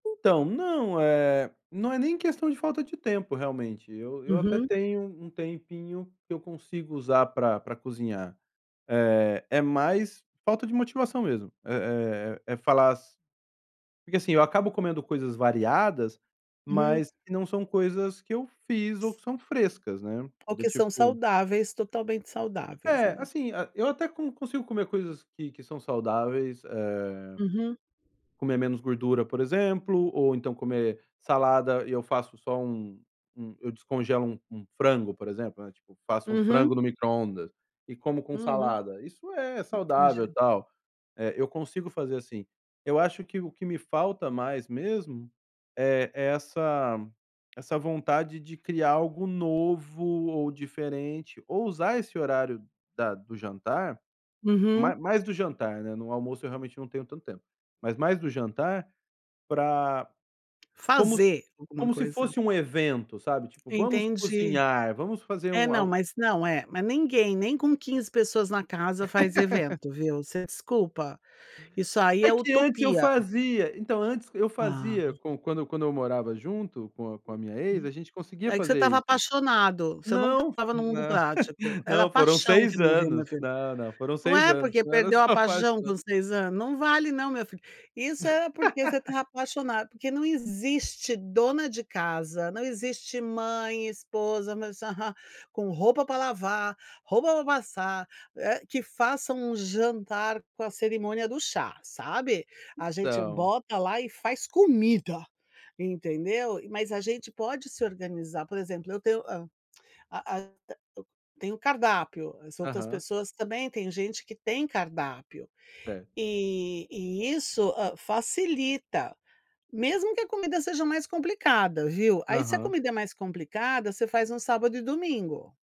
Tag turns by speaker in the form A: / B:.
A: Então, não, eh, não é nem questão de falta de tempo realmente, eu eu até
B: Uhum.
A: tenho um tempinho que eu consigo usar pra pra cozinhar, é é mais falta de motivação mesmo. Eh eh, é falar as porque, assim, eu acabo comendo coisas variadas,
B: Uhum.
A: mas que não são coisas que eu fiz ou que são frescas, né,
B: É o
A: do
B: que são
A: tipo
B: saudáveis, totalmente saudáveis,
A: É,
B: né.
A: assim, eu até con consigo comer coisas que que são saudáveis, eh,
B: Uhum.
A: comer menos gordura, por exemplo, ou então comer salada. E eu faço só um um eu descongelo um um frango, por exemplo, né, tipo, faço um
B: Uhum.
A: frango no microondas e como com
B: Uhum,
A: salada. Isso é saudável e
B: entendi.
A: tal, eh, eu consigo fazer assim. Eu acho que o que me falta mais mesmo, eh, é essa essa vontade de criar algo novo ou diferente, ou usar esse horário da do jantar,
B: Uhum.
A: ma mais do jantar, né, no almoço eu realmente não tenho tanto tempo, mas mais do jantar pra como se
B: Fazer alguma
A: se
B: coisa.
A: fosse um evento, sabe. Tipo, vamos
B: Entendi.
A: cozinhar, vamos fazer
B: É,
A: um
B: não,
A: al
B: mas, não, é, mas ninguém, nem com 15 pessoas na casa faz evento, viu. Você desculpa, isso aí
A: É
B: é
A: que antes eu
B: utopia.
A: fazia, então, antes eu
B: Ah.
A: fazia quan quando quando eu morava junto com com a minha ex,
B: Hum.
A: a gente conseguia
B: É que você
A: fazer
B: estava
A: isso.
B: apaixonado, você não
A: Não,
B: estava no mundo
A: não,
B: prático, era a
A: não foram
B: paixão que
A: 6
B: [unintelligible]
A: anos. Não, não foram
B: não
A: 6
B: é,
A: anos,
B: porque
A: não era só
B: perdeu a
A: a
B: paixão
A: paixão.
B: com 6 ano não vale não, meu filho. Isso é porque você tá apaixonado. Porque não existe dona de casa, não existe mãe, esposa, meus aha com roupa pra lavar, roupa pra passar, eh, que faça um jantar com a cerimônia do chá, sabe. A gente
A: Então.
B: bota lá e faz comida, entendeu. Mas a gente pode se organizar, por exemplo, eu tenho a a a eu tenho o cardápio, as outras
A: Aham.
B: pessoas também, tem gente que tem cardápio
A: É.
B: e e isso, hã, facilita. Mesmo que a comida seja mais complicada, viu, aí se a
A: Aham.
B: comida é mais complicada, você faz num sábado e domingo.